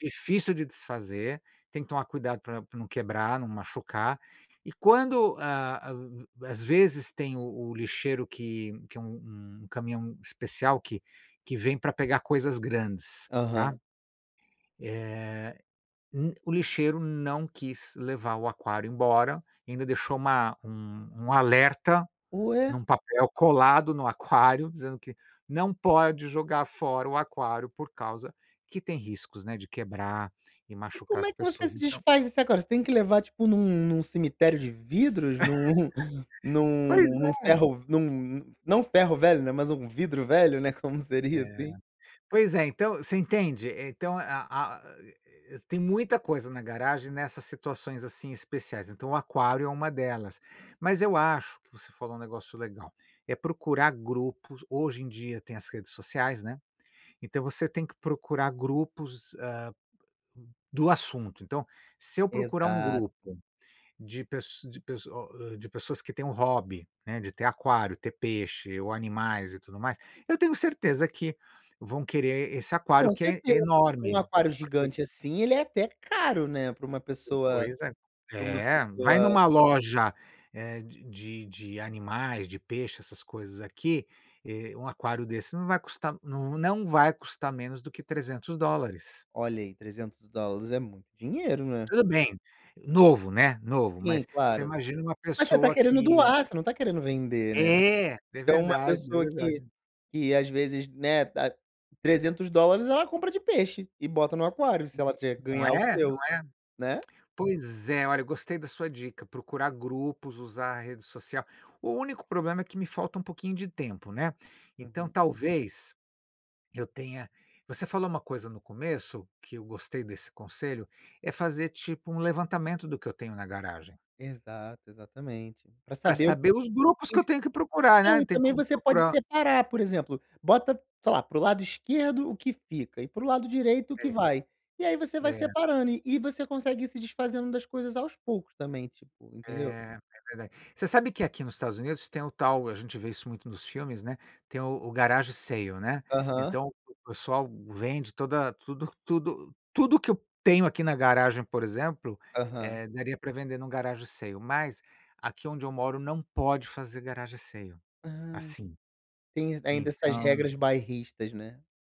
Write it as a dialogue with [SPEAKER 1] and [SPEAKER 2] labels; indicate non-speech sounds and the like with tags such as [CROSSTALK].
[SPEAKER 1] Difícil de desfazer, tem que tomar cuidado pra pra não quebrar, não machucar. E quando, ah, u às vezes tem o o lixeiro que que é u um um caminhão especial que que vem pra pegar coisas grandes, tá.
[SPEAKER 2] Aham.
[SPEAKER 1] Eh, um o lixeiro não quis levar o aquário embora, ainda deixou uma um um alerta
[SPEAKER 2] Ué.
[SPEAKER 1] num papel colado no aquário, dizendo que: "não pode jogar fora o aquário, por causa que tem riscos", né, de quebrar e
[SPEAKER 2] E
[SPEAKER 1] machucar
[SPEAKER 2] como
[SPEAKER 1] as
[SPEAKER 2] é que você
[SPEAKER 1] pessoas.
[SPEAKER 2] se
[SPEAKER 1] Então
[SPEAKER 2] desfaz disso agora? Você tem que levar, tipo, num num cemitério de vidros [CHUCKLES] num
[SPEAKER 1] [LAUGHS] Pois
[SPEAKER 2] num num
[SPEAKER 1] é.
[SPEAKER 2] ferro-v num não ferro-velho, né, mas algum vidro-velho, né, como seria,
[SPEAKER 1] É.
[SPEAKER 2] assim.
[SPEAKER 1] Pois é, então, você entende? Eh, então a a a e e tem muita coisa na garagem nessas situações, assim, especiais, então o aquário é uma delas. Mas eu acho que você falou um negócio legal, é procurar grupos hoje em dia tem as redes sociais, né. Então você tem que procurar grupos, ah, do assunto. Então, se eu procurar um
[SPEAKER 2] Exato.
[SPEAKER 1] grupo de pess de pesso o hã, de pessoas que têm um hobby, né, de ter aquário, ter peixe, ou animais, e tudo mais, eu tenho certeza que vão querer esse aquário,
[SPEAKER 2] Com
[SPEAKER 1] que é
[SPEAKER 2] certeza, um
[SPEAKER 1] enorme,
[SPEAKER 2] aquário
[SPEAKER 1] porque
[SPEAKER 2] gigante, assim, ele é até caro, né, para uma pessoa
[SPEAKER 1] Pois é.
[SPEAKER 2] pra uma
[SPEAKER 1] É, vai
[SPEAKER 2] pessoa
[SPEAKER 1] numa loja, eh, de de de animais, de peixe, essas coisas aqui, eh, um aquário desse não vai custar n não vai custar menos do que $300.
[SPEAKER 2] Olha aí, $300 é muito dinheiro, né.
[SPEAKER 1] Tudo bem, novo, né, novo.
[SPEAKER 2] Sim,
[SPEAKER 1] Mas você
[SPEAKER 2] claro.
[SPEAKER 1] imagina uma
[SPEAKER 2] Mas você está
[SPEAKER 1] pessoa
[SPEAKER 2] querendo
[SPEAKER 1] que
[SPEAKER 2] doar, você não está querendo vender, né.
[SPEAKER 1] É! É
[SPEAKER 2] Então uma
[SPEAKER 1] verdade, é
[SPEAKER 2] pessoa que
[SPEAKER 1] verdade.
[SPEAKER 2] que às vezes, né, ah, $300, ela compra de peixe e bota no aquário, se ela tiver que
[SPEAKER 1] Não
[SPEAKER 2] ganhar o
[SPEAKER 1] é? Não
[SPEAKER 2] seu, né.
[SPEAKER 1] é? Pois é, olha, gostei da sua dica, procurar grupos, usar a rede social. O único problema é que me falta um pouquinho de tempo, né. Então
[SPEAKER 2] Uhum.
[SPEAKER 1] talvez, eu tenha você falou uma coisa no começo, que eu gostei desse conselho, é fazer, tipo, um levantamento do que eu tenho na garagem.
[SPEAKER 2] Exato, exatamente. Pra
[SPEAKER 1] Pra
[SPEAKER 2] saber o
[SPEAKER 1] saber os grupos
[SPEAKER 2] e
[SPEAKER 1] que eu
[SPEAKER 2] se
[SPEAKER 1] tenho que procurar, né.
[SPEAKER 2] não,
[SPEAKER 1] Eu
[SPEAKER 2] e
[SPEAKER 1] tenho que
[SPEAKER 2] também você pode
[SPEAKER 1] procurar
[SPEAKER 2] separar, por exemplo, bota, sei lá, para o lado esquerdo o que fica, e para o lado direito o que
[SPEAKER 1] É.
[SPEAKER 2] vai. E aí você vai
[SPEAKER 1] É.
[SPEAKER 2] separando, e e você consegue ir se desfazendo das coisas aos poucos também, tipo,
[SPEAKER 1] É,
[SPEAKER 2] entendeu.
[SPEAKER 1] é verdade. Você sabe que aqui nos Estados Unidos tem o tal a gente vê isso muito nos filmes, né, tem o o garage sale, né.
[SPEAKER 2] Aham.
[SPEAKER 1] Então o pessoal vende toda tudo tudo tudo o que eu tenho aqui na garagem, por exemplo,
[SPEAKER 2] Aham.
[SPEAKER 1] eh, daria para vender num garage sale, mas aqui onde eu moro não pode fazer garage sale
[SPEAKER 2] Ah, en
[SPEAKER 1] assim.
[SPEAKER 2] tem ainda essas
[SPEAKER 1] Então
[SPEAKER 2] regras bairristas, né.